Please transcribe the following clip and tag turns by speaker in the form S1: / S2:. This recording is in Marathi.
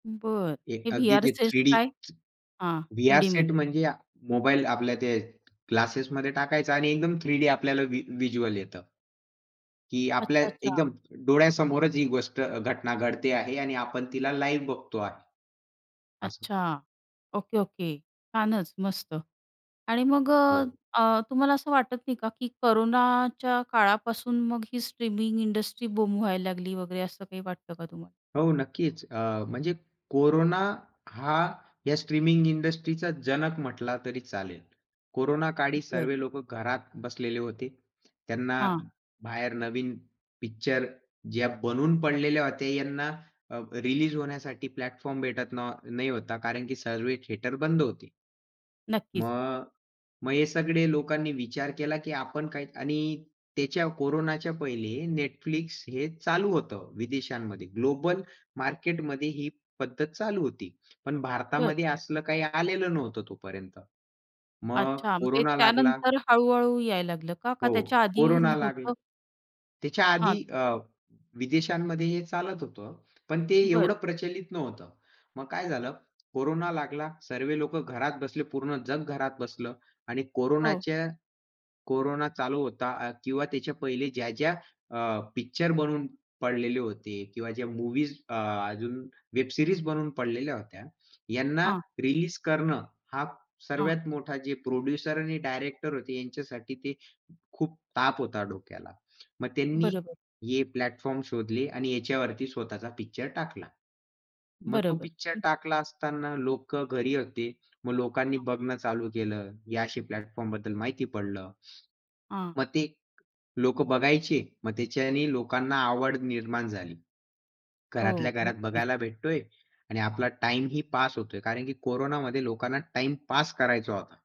S1: बरं. हे
S2: एक अगदी
S1: व्हीआर
S2: जे
S1: सेट
S2: थ्रीडी,
S1: काय? हां.
S2: व्हीआर सेट
S1: थ्रीडीमध्ये.
S2: म्हणजे मोबाईल आपल्या ते ग्लासेसमध्ये टाकायचा आणि एकदम थ्रीडी आपल्याला व्ही व्हिज्युअल येतं. की आपल्या
S1: अच्छा, अच्छा.
S2: एकदम डोळ्यासमोरच ही गोष्ट अ, घटना घडते आहे आणि आपण तिला लाइव बघतो आहे. असं.
S1: अच्छा. Okay, okay. छानच मस्त आणि मग अ,
S2: हो.
S1: अ, तुम्हाला असं वाटत नाही का की कोरोनाच्या काळापासून मग ही स्ट्रीमिंग इंडस्ट्री बूम व्हायला लागली वगैरे असं काही वाटतं का तुम्हाला?
S2: हो नक्कीच, अ, म्हणजे कोरोना हा या स्ट्रीमिंग इंडस्ट्रीचा जनक म्हटला तरी चालेल. कोरोनाकाळी
S1: बरं.
S2: सर्वे लोक घरात बसलेले होते. त्यांना
S1: हां.
S2: बाहेर नवीन पिक्चर ज्या बनून पडलेल्या होत्या यांना अ, रिलीज होण्यासाठी प्लॅटफॉर्म भेटत ना नाही होता कारण की सर्वे थिएटर बंद होते.
S1: नक्कीच.
S2: मग, मग हे सगळे लोकांनी विचार केला की आपण काही आणि त्याच्या कोरोनाच्या पहिले Netflix हे चालू होतं, विदेशांमध्ये. ग्लोबल मार्केटमध्ये ही पद्धत चालू होती. पण
S1: बरं.
S2: भारतामध्ये असलं काही आलेलं नव्हतं तोपर्यंत. मग
S1: अच्छा मग ते
S2: कोरोना लागला.
S1: त्यानंतर हळू-हळू यायला लागलं का? का
S2: हो,
S1: त्याच्या आधी
S2: कोरोना लागला
S1: नव्हतं?
S2: त्याच्या
S1: हां.
S2: आधी अ, विदेशांमध्ये हे चालत होतं. पण ते
S1: बरं.
S2: एवढं प्रचलित नव्हतं. मग काय झालं, कोरोना लागला, सर्वे लोक घरात बसले पूर्ण जग घरात बसलं आणि
S1: हो.
S2: कोरोनाच्या कोरोना चालू होता आ किंवा त्याच्या पहिले ज्या-ज्या अ, पिक्चर बनवून पडलेले होते किंवा ज्या मूव्हीज अ, अजून वेब सीरीज बनवून पडलेल्या होत्या, यांना
S1: हां.
S2: रिलीज करणं हा
S1: हां.
S2: सर्वात मोठा जे प्रोड्युसर आणि डायरेक्टर होते यांच्यासाठी ते खूप ताप होता डोक्याला. मग त्यांनी
S1: बरोबर.
S2: हे प्लॅटफॉर्म शोधले आणि याच्यावरती स्वतःचा पिक्चर टाकला. मग तो
S1: बरोबर.
S2: पिक्चर
S1: हं.
S2: टाकला असताना लोक घरी होते. मग लोकांनी
S1: हां.
S2: बघणं चालू केलं. या अशी प्लॅटफॉर्मबद्दल माहिती पडलं.
S1: हां.
S2: मग ते लोक बघायचे. मग त्याच्याने लोकांना आवड निर्माण झाली. घरातल्या
S1: हो,
S2: घरात
S1: नक्कीच.
S2: बघायला भेटतोय आणि आपला टाईम ही पास होतोय कारण की कोरोनामध्ये लोकांना टाईम पास करायचा होता.